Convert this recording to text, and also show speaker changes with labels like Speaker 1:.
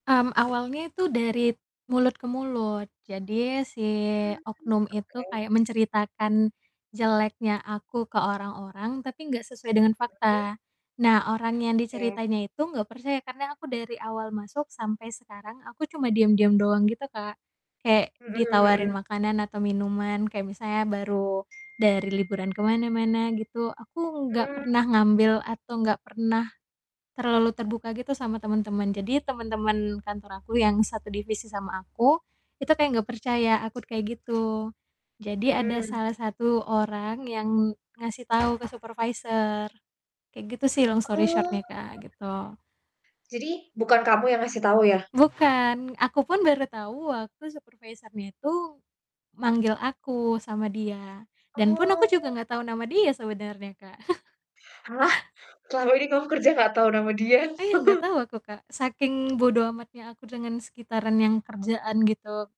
Speaker 1: Mmm, awalnya itu dari t mulut ke mulut. Jadi si
Speaker 2: Mmm mmm,
Speaker 1: oknum itu
Speaker 2: oke.
Speaker 1: kayak menceritakan jeleknya aku ke orang-orang, tapi enggak sesuai dengan
Speaker 2: Mhm.
Speaker 1: fakta. Nah orang yang
Speaker 2: Iya.
Speaker 1: diceritainnya itu enggak percaya karena aku dari awal masuk sampai sekarang, aku cuma diam-diam doang gitu, Kak. Kayak
Speaker 2: Mhm
Speaker 1: ditawarin
Speaker 2: mhm.
Speaker 1: makanan atau minuman, kayak misalnya baru dari liburan ke mana-mana gitu aku enggak
Speaker 2: Mhm.
Speaker 1: pernah ngambil atau enggak pernah terlalu terbuka gitu sama temen-temen. Jadi temen-temen
Speaker 2: Mmm.
Speaker 1: kantor aku yang satu divisi sama aku, itu kayak enggak percaya aku kayak gitu. Jadi ada
Speaker 2: Mhm.
Speaker 1: salah satu orang yang ngasih tahu ke supervisor. Kayak gitu sih long story
Speaker 2: Oh.
Speaker 1: short-nya, Kak, gitu.
Speaker 2: Jadi bukan kamu yang ngasih tahu yah?
Speaker 1: Bukan. Aku pun baru tahu waktu supervisornya itu manggil aku sama dia, dan pun aku juga
Speaker 2: Oh.
Speaker 1: enggak tahu nama dia sebenarnya, Kak.
Speaker 2: Halah. Selama ini kamu kerja enggak tahu nama dia.
Speaker 1: Iya enggak tahu aku, Kak, saking bodo amatnya aku dengan sekitaran yang kerjaan gitu.